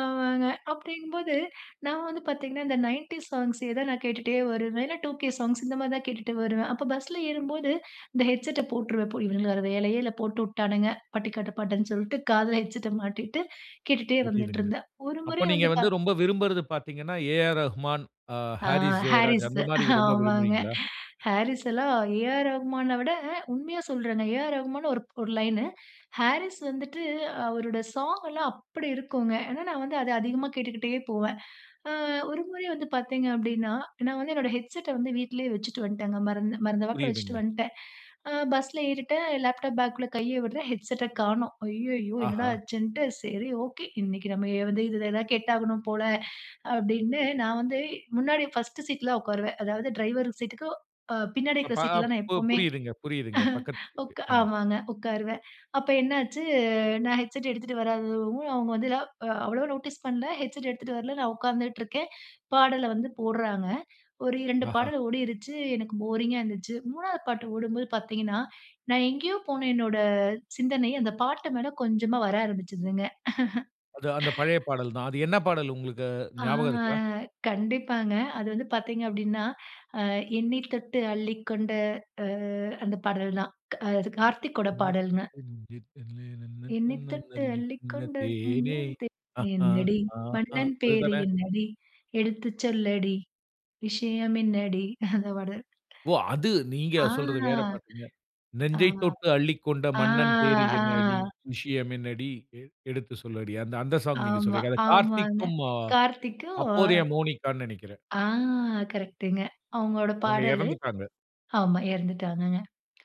ஆமாங்க, அப்டிங்கும்போது நான் வந்து பாத்தீங்கன்னா, இந்த 90ஸ் சாங்ஸ்சே தான் நான் கேட்டுட்டே வருவேன். இல்ல, 2கே சாங்ஸ், இந்த மாதிரி தான் கேட்டுட்டு வருவேன். அப்போ பஸ்ல ஏறும்போது இந்த ஹெட்செட்ட போட்டுருவேன். போ "இவனுங்களுக்கு வேற வேலையே இல்ல, போட்டு உட்டானுங்க" பட்டிக்காட்டு பாட்டுன்னு சொல்ட்டு காதுல ஹெட்செட்ட மாட்டிட்டு கேட்டுட்டே புரியுதுங்க. வந்துட்டுருந்தேன். ஒரு அப்ப முறை நீங்க வந்துட்டா வந்து ரொம்ப விரும்புறது பாத்தீங்கன்னா, ஏஆர் ரகுமான், அ ஆ, ஹாரிஸ் ஜெயராஜ் அந்த ஹாரிஸ்து! மாரி ரொம்ப ஆமாங்க. விரும்புவீங்களா? ஹாரிஸ் எல்லாம், ஏ.ஆர் ரகுமான விட உண்மையா சொல்றேங்க. ஏ ஆர் ரகுமான்னு ஒரு ஒரு லைனு. ஹாரிஸ் வந்துட்டு அவருட ஸாங் எல்லாம் அப்படி இருக்குங்க. ஏன்னா நான் வந்து அத அதிகமா கேட்டுக்கிட்டே போவேன். அ ஒரு முறை வந்து பாத்தீங்க அப்டின்னா, நான் வந்து என்னுடைய ஹெட்செட்ட வந்து வீட்லயே வச்சிட்டு வந்ட்டேன்ங்க. மறந்து மறந்த வாக்கில வச்சிட்டு புரியுதுங்க. வந்ட்டேன். ஆ, பஸ்ல ஏறிட்டேன். லேப்டாப் பாக்க்குள்ள கையை விடுறேன். ஹெட்செட்ட காணோம். ஐய்யயோ! என்னடா ஆஹா. ஆச்சுண்ட்டு சரி, ஓகே, இன்னிக்கு நம்ம எ வந்து இதில தான் கேட்டாவணும் போல அப்டின்னு நான் வந்து முன்னாடி ஃபர்ஸ்ட்டு சீட்ல உக்காருவேன். அதாவது, டிரைவர் சீட்டுக்கு அ பின்னாடி இருக்கிற சீட்ல அப்பப் நான் பு எப்போமே, புரியுதுங்க புரியுதுங்க. பக்கத்வீட்டு ஆமா. ஆமாங்க. உக்காருவேன் அப்போ என்னாச்சு? நான் ஹெட்செட் எடுத்துட்டு வராதவும், அவுங்க வந்துல அ அவ்ளவா நோட்டீஸ் பண்ணல. ஹெட்செட் எடுத்துட்டு வரல, நான் உக்காந்துட்டுருக்கேன். பாடல வந்து போடுறாங்க. ஒரு 2 ஆஹா. பாடல் ஓடிருச்சு, எனக்கு போரிங்கா இருந்துச்சு. 3ஆவது பாட்டு ஓடும்போது பாத்தீங்கன்னா, நான் எங்கேயோ போன என்னோட சிந்தனை அந்த பாட்டு மேல கொஞ்சமா வர ஆரம்பிச்சுதுங்க. அது அந்த பழைய பாடல் தான். அது என்ன பாடல் உங்களுக்கு ஆ ஞாபகம் இருக்கா? கண்டிப்பாங்க அது வந்து பாத்தீங்க அப்டின்னா, அ எண்ணி தொட்டு அள்ளிக்கொண்ட அ அந்த பாடல் க் அது கார்த்திக்கோட "நினைக்க பாடல்ங்க. தெரிஞ்சி தல்லே னன்ன "என்னை தன்ன தொட்டு லல்லி இன்ன அள்ளிக்கொண்ட தேனே மன்னன் தே, அ ஹா என்னடி? ஹாங் அ" மன்னன் பேரு அதுதானே? என்னடி? எடுத்து சொல்லடி விஷயம் என்னடி?" அந்த பாட்டு ஓ! அது தான் நீங்க சொல்றது வேற பாட்டுங்க. ஆ. ஆ, "நெஞ்சைத் தொட்டு அள்ளிக்கொண்ட ஆ, மன்னன் பேர் ஆ. என்னடி, விஷயம் என்னடி எ எடுத்து சொல்லடி." அந்த அந்த சாங் நீங்க ஆமா, சொல்றீங்க. அதை ஆமாங்க. கார்த்திக்கும், அ கார்த்திக்கும் அப்போதைய மோனிகான்னு நெனைக்கிறேன். ஆ கரெக்ட்டுங்க அவங்களோட அவுங்க பாடலு, எறந்துட்டாங்க. ஆமா எறந்துட்டாங்கங்க.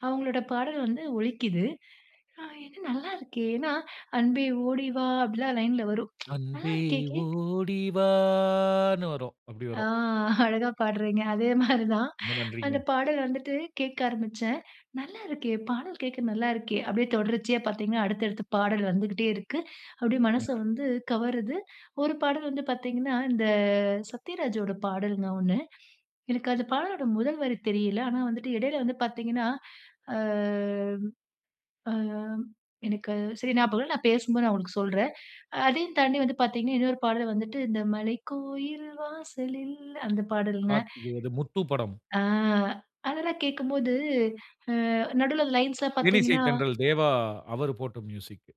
அவங்களோட பாடல் வந்து ஒலிக்கிது. அ என்ன நல்லா இருக்கே! ஏன்னா அன்பே ஓடி வா, அப்டில்லாம் லைன்ல வரும். நல்லா அன்பே இருக்கே கேக் ஓடி வான்னு வரும். அப்படி ஆ, வரும். அழகா பாடுறீங்க! அதே மாரிதான். ரொம்ப நன்றிங்க. அந்த பாடல் வந்துட்டு கேட்க ஆரம்பிச்சேன். நல்லா இருக்கே! பாடல் கேக்க நல்லா இருக்கே! அப்டியே தொடர்ச்சியா பாத்தீங்கன்னா, அடுத்தடுத்து பாடல் வந்துகிட்டே இருக்கு. அப்டியே ம். மனச அ. வந்து கவருது. ஒரு பாடல் வந்து பாத்தீங்கன்னா, இந்த சத்யராஜோட பாடலுங்க. ஒண்ணு, எனக்கு அந்த பாடலோட முதல் வரி தெரியல. ஆனா வந்துட்டு இடையில வந்து பாத்தீங்கன்னா, ஆ, ஆம் எனக்கு சரி ஞாபகம் இல்ல. நான் பேசும்போது நான் உங்களுக்கு சொல்றேன். அதையும் தாண்டி வந்து பாத்தீங்கன்னா, இன்னொரு பாடல் வந்துட்டு, "இந்த மலைக்கோயில் வாசலில்" அந்த பாடல்ங்க. கார்த்திகேயது முத்து படம். ஆ அதெல்லாம் கேக்கும்போது, அ நடுவில அந்த லைன்ஸ்லாம் தேனிசை பாத்தீங்கன்னா தென்றல் தேவா, அவரு போட்ட மியூசிக்கு.